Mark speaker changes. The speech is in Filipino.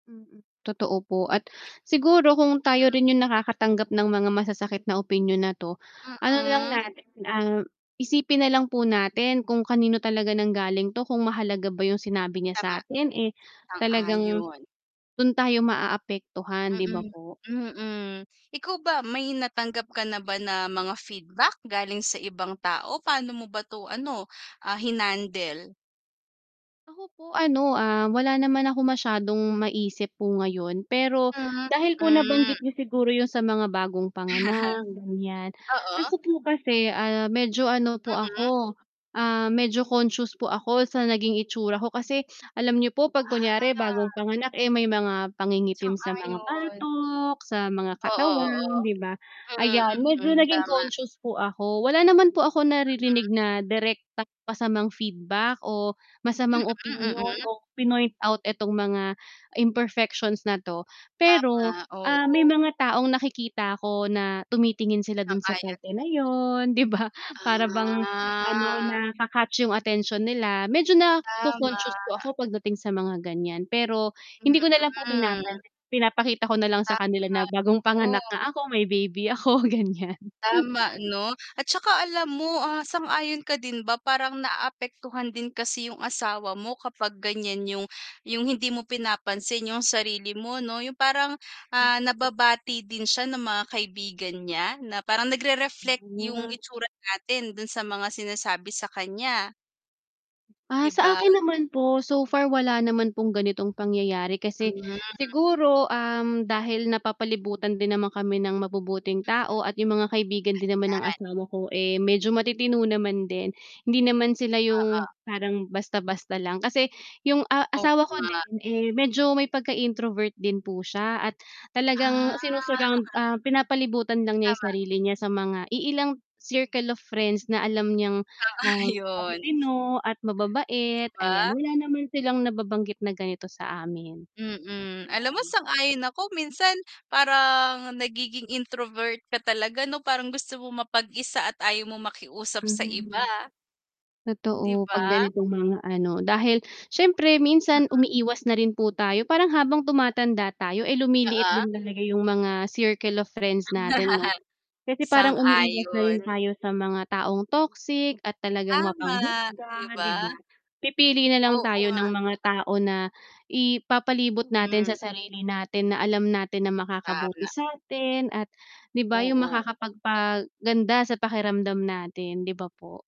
Speaker 1: Mm. Totoo po, at siguro kung tayo rin yung nakakatanggap ng mga masasakit na opinyon na 'to, ano na lang
Speaker 2: Mm.
Speaker 1: natin ah, isipin nalang po natin kung kanino talaga nang galing to kung mahalaga ba yung sinabi niya
Speaker 2: Tama,
Speaker 1: sa'tin, eh, talagang
Speaker 2: sang-ayon.
Speaker 1: dun tayo maaapektuhan, 'di ba,
Speaker 2: Mm.
Speaker 1: po?
Speaker 2: Mm. Ikaw ba may natanggap ka na ba na mga feedback galing sa ibang tao? Paano mo ba 'to, ano, ah, hinandle?
Speaker 1: Ako, po ano, ah, wala naman ako masyadong maisip po ngayon, pero
Speaker 2: Mm.
Speaker 1: dahil po
Speaker 2: Mm.
Speaker 1: nabanggit nyo siguro yun sa mga bagong panganak, ganyan.
Speaker 2: Oo.
Speaker 1: Ako po kasi, ah, medyo ano po
Speaker 2: Mm.
Speaker 1: ako, ah, medyo conscious po ako sa naging itsura ko kasi alam niyo po pag kunyari bagong
Speaker 2: Ah.
Speaker 1: panganak, eh, may mga pangingitim sa mga
Speaker 2: Sang-ayon.
Speaker 1: batok, sa mga
Speaker 2: Oo, oo.
Speaker 1: katawan, 'di ba.
Speaker 2: Mm,
Speaker 1: Ayan, medyo
Speaker 2: mm.
Speaker 1: naging
Speaker 2: Tama.
Speaker 1: conscious po ako wala naman po ako naririnig
Speaker 2: Mhm.
Speaker 1: na direktang masamang feedback o masamang
Speaker 2: Mm.
Speaker 1: opinyon
Speaker 2: Mm.
Speaker 1: o pinoint-out itong mga imperfections na 'to, pero
Speaker 2: Tama,
Speaker 1: ah, may
Speaker 2: oo.
Speaker 1: mga taong nakikita ko na tumitingin sila dun sa
Speaker 2: Sang-ayon.
Speaker 1: parte na yun, 'di ba. Para bang, ano,
Speaker 2: Ah.
Speaker 1: naka-catch yung atensyon nila, medyo
Speaker 2: Tama.
Speaker 1: naco-conscious po ako pagdating sa mga ganyan, pero hindi ko nalang po
Speaker 2: Mm.
Speaker 1: pinapan pinapakita ko nalang sa kanila
Speaker 2: Tama,
Speaker 1: na, bagong panganak
Speaker 2: oo.
Speaker 1: nga ako, may baby ako, ganyan.
Speaker 2: Tama, 'no? Atsaka alam mo, ah, sang-ayon ka din ba parang naapektuhan din kasi yung asawa mo kapag ganyan yung, yung hindi mo pinapansin yung sarili mo 'no? Yung parang ah, nababati din siya ng mga kaibigan niya na parang nagre-reflect yung
Speaker 1: Mm.
Speaker 2: itsura natin dun sa mga sinasabi sa kanya.
Speaker 1: Ah,
Speaker 2: 'Di
Speaker 1: sa
Speaker 2: ba?
Speaker 1: akin naman po so far, wala naman pong ganitong pangyayari kasi,
Speaker 2: Mm.
Speaker 1: siguro, um, dahil napapalibutan din naman kami ng mabubuting tao at 'yung mga kaibigan din naman ng
Speaker 2: 'Yan.
Speaker 1: asawa ko, eh, medyo matitino naman din. Hindi naman sila yung
Speaker 2: Oo.
Speaker 1: parang basta-basta lang kasi yung, ah,
Speaker 2: O,
Speaker 1: asawa ko
Speaker 2: Nga.
Speaker 1: din eh, medyo may pagka-introvert din po siya at talagang
Speaker 2: Ah.
Speaker 1: sinu-surround, ah, pinapalibutan lang niya yung
Speaker 2: Tama.
Speaker 1: sarili niya sa mga iilang circle of friends na alam niyang
Speaker 2: Ah,
Speaker 1: ah,
Speaker 2: yun.
Speaker 1: matitino at
Speaker 2: 'Di
Speaker 1: mababait, ayan.
Speaker 2: ba?
Speaker 1: Wala naman silang nababanggit na ganito sa amin.
Speaker 2: Mm. Alam mo
Speaker 1: Ayan.
Speaker 2: sang-ayon ako minsan parang nagiging introvert ka talaga, 'no, parang gusto mo mapag-isa at ayaw mong makiusap sa iba.
Speaker 1: Hmm.
Speaker 2: 'Di
Speaker 1: Totoo, pag
Speaker 2: ba?
Speaker 1: ganitong mga, ano, dahil syempre
Speaker 2: Mm.
Speaker 1: minsan umiiwas na rin po tayo parang habang tumatanda tayo ay lumiliit
Speaker 2: Oo.
Speaker 1: din talaga yung mga circle of friends natin, 'no? Kasi parang umiiwas na rin
Speaker 2: Sang-ayon.
Speaker 1: tayo sa mga taong toxic at talagang
Speaker 2: Tama. 'Di
Speaker 1: mapanghusga, 'di
Speaker 2: ba?
Speaker 1: ba? Pipili nalang
Speaker 2: Oo
Speaker 1: tayo ng
Speaker 2: nga
Speaker 1: mga tao na ipapalibot natin
Speaker 2: Hmm.
Speaker 1: sa sarili natin na alam natin na makakabuti
Speaker 2: Tama.
Speaker 1: satin, at, 'di ba, 'yung
Speaker 2: Oo.
Speaker 1: makakapagpa-ganda sa pakiramdam natin, 'di ba, po?